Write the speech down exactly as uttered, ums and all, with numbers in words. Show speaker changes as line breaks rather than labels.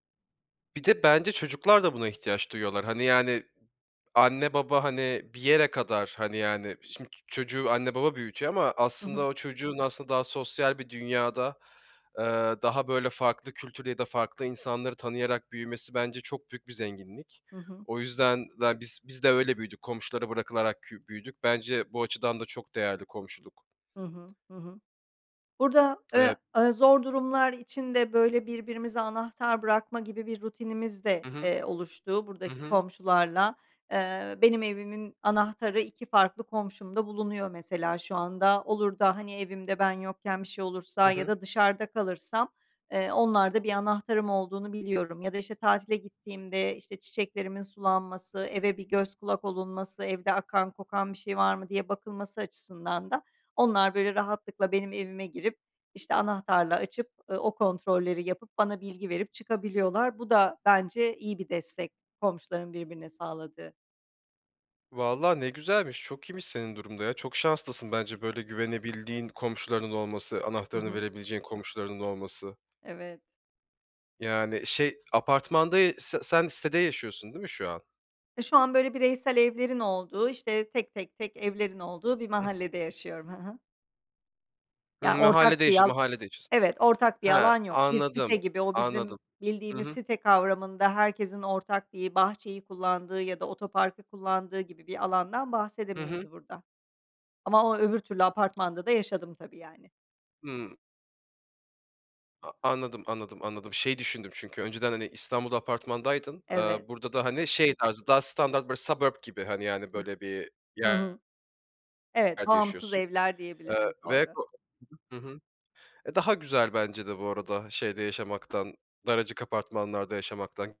Bir de, bence çocuklar da buna ihtiyaç duyuyorlar. Hani, yani, anne, baba, hani, bir yere kadar, hani, yani, şimdi çocuğu anne, baba büyütüyor ama
Hı hı.
aslında o çocuğun aslında daha sosyal bir dünyada, ııı, daha böyle farklı kültür ya da farklı insanları tanıyarak büyümesi bence çok büyük bir zenginlik.
Hı hı.
O yüzden de biz biz de öyle büyüdük komşulara bırakılarak kü büyüdük. Bence bu açıdan da çok değerli komşuluk.
Hı hı, hı hı. Burada, eee,
Evet.
aaa, zor durumlar için de, böyle, birbirimize anahtar bırakma gibi bir rutinimiz de,
Hı hı.
eee, oluştu
Hı
buradaki
hı.
komşularla. Eee, benim evimin anahtarı iki farklı komşumda bulunuyor mesela şu anda. Olur da, hani, evimde, ben yokken bir şey
Hı
olursa ya
hı.
da dışarıda kalırsam, eee, onlarda bir anahtarım olduğunu biliyorum. Ya da, işte, tatile gittiğimde, işte, çiçeklerimin sulanması, eve bir göz kulak olunması, evde akan, kokan bir şey var mı diye bakılması açısından da onlar böyle rahatlıkla benim evime girip, işte, anahtarla açıp, eee, o kontrolleri yapıp, bana bilgi verip çıkabiliyorlar. Bu da bence iyi bir destek komşuların birbirine sağladığı.
Vallahi ne güzelmiş, çok iyiymiş senin durum da ya, çok şanslısın bence, böyle güvenebildiğin komşularının olması,
Hı
anahtarını
hı.
verebileceğin komşularının olması.
Evet.
Yani, şey, apartmanda ya se sen sitede yaşıyorsun değil mi şu an?
Ya, şu an böyle bireysel evlerin olduğu, işte, tek, tek, tek evlerin olduğu bir
Ih.
mahallede yaşıyorum. Hı hı. Ya
Hımm,
ortak
mahallede
bir
yaşıyo
al
mahallede yaşıyorsun.
Evet ortak bir
He,
alan yok. Bir site
anladım,
gibi, o
anladım.
bizim
Hı
bildiğimiz
hı.
site kavramında herkesin ortak bir bahçeyi kullandığı ya da otoparkı kullandığı gibi bir alandan
Hı hı.
bahsedemeyiz burada. Ama, o öbür türlü apartmanda da yaşadım tabii, yani.
Hıı. A anladım, anladım, anladım. Şey düşündüm çünkü, önceden, hani, İstanbul'da apartmandaydın.
Evet.
Iıı, burada da, hani, şey tarzı, daha standart böyle suburb gibi, hani,
Hıh.
böyle bir
Hı hı.
yer
Evet
yerde
bağımsız
yaşıyorsun.
evler
Iıı,
diyebiliriz
ve
doğru.
ko Hı hı. E, daha güzel bence de bu arada, şeyde yaşamaktan, daracık apartmanlarda yaşamaktan.